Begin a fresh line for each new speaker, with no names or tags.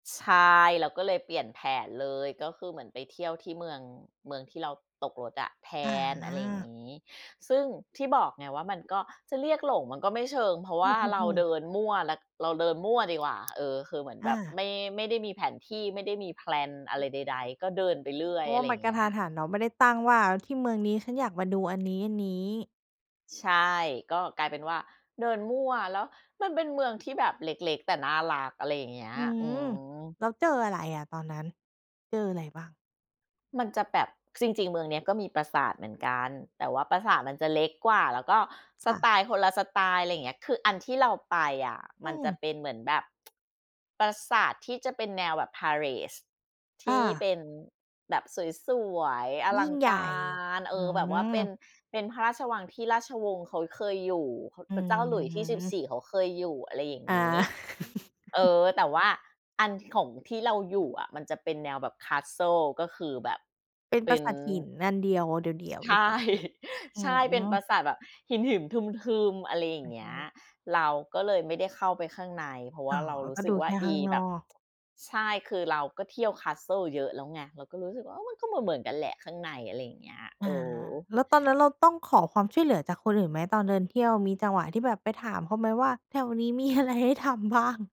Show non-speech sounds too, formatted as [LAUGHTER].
ใช่ เราก็เลยเปลี่ยนแผนเลย ก็คือเหมือนไปเที่ยวที่ เมือง เมืองที่เราตกรถอะแท
อ
น อะไรอย่าง
า
งี้ ซึ่งที่บอกไง ว่ามันก็จะเรียกหลง มันก็ไม่เชิง เพราะว
อื
่าเรา
อ
เ
ๆ
ด
ๆ
ินมั่ว ร เราเดินมั่วดีกว่า เออ คือเหมือน
อ
แบบ
า
ไม่ ไม่ได้มีแผนที่ ไม่ได้มีแพลนอะไร ใด ๆ ก็เดินไปเรื่อ
เพ
ย
ราะ
อ
ว
ะ
่
ไ
า
ร
มั
อย่
น
าง
กร
เง
ะ
ี้
ทั
ย
นหันเนาะ ไม่ได้ตั้งว่าที่เมืองนี้ ฉันอยากมาดูอันนี้ ๆ
ใช่ ก็กลายเป็นว่าเดินมั่ว แล้วมันเป็นเมืองที่แบบเล็ก ๆ แต่น่ารัก อะไรอย่างเงี้ย
อื
อื
ม
ม
แล้วเจออะไรอะ ตอนนั้น เจออะไรบ้าง?
มันจะแบบ จริง ๆ เมืองนี้ ก็มีปราสาทเหมือนกัน แต่ว่าปราสาทมันจะเล็กกว่า แล้วก็ส
ค่ะ
ไตล์คนละสไตล์ อะไรอย่างเงี้ย คืออันที่เราไปอะ
อ
ม
ื
ันจะ
ม
เป็นเหมือนแบบ [TSK] ปราสาทที่จะเป็นแนวแบบ Palace ท
อ
ี่
า
เป็นแบบสวย ๆ อ
ย
ล
ิ
ั
่ง
ง
ให
ก
ญ่
าร เอ
อื
อ แบบว่าเป็น
ม
เป็นพระราชวังที่ราชวงศ์เขาเคยอยู่
อื
พระเจ้าหลุยส์ที่ สิบ
ม
สี่ เขาเคยอยู่ อะไรอย่างงี้
อา
เออ
[CHUCKLES]
แต่ว่าอันของที่เราอยู่อะ มันจะเป็นแนวแบบ Castle ก็คือแบบ
เป็น
เป
ป
็
รา
น
สาทหินอันเดียวเดี่ยว ๆ
ใช
หรือเป
่
ล่า? อื
ใช่ เป็นปรา
ม
สาทแบบหิน หิม ทึม ๆ อะไรอย่างเงี้ย
[UNINTELLIGIBLE]
เราก็เลยไม่ได้เข้าไปข้างใน เพราะ
อ๋อ
เรารู
ก
้
็
สึ
ดู
กว
แ
่
ค
า
่
อ
ข้
ี
างน
แบ
อ
บ
ก
[TSK] ใช่ คือเราก็เที่ยว Castle เยอะแล้วไง เราก็รู้สึกว่า เออ มันก็เหมือน ๆ กันแหละข้างใน อะไรอย่างเงี้ย
อ
เอ
า
อ
แล้วตอนนั้นเราต้องขอความช่วยเหลือจากคนอื่นไหม ตอนเดินเที่ยวมีจังหวะที่แบบไปถามเขาไหม ว่าแถวนี้ มีอะไรให้ทำบ้าง?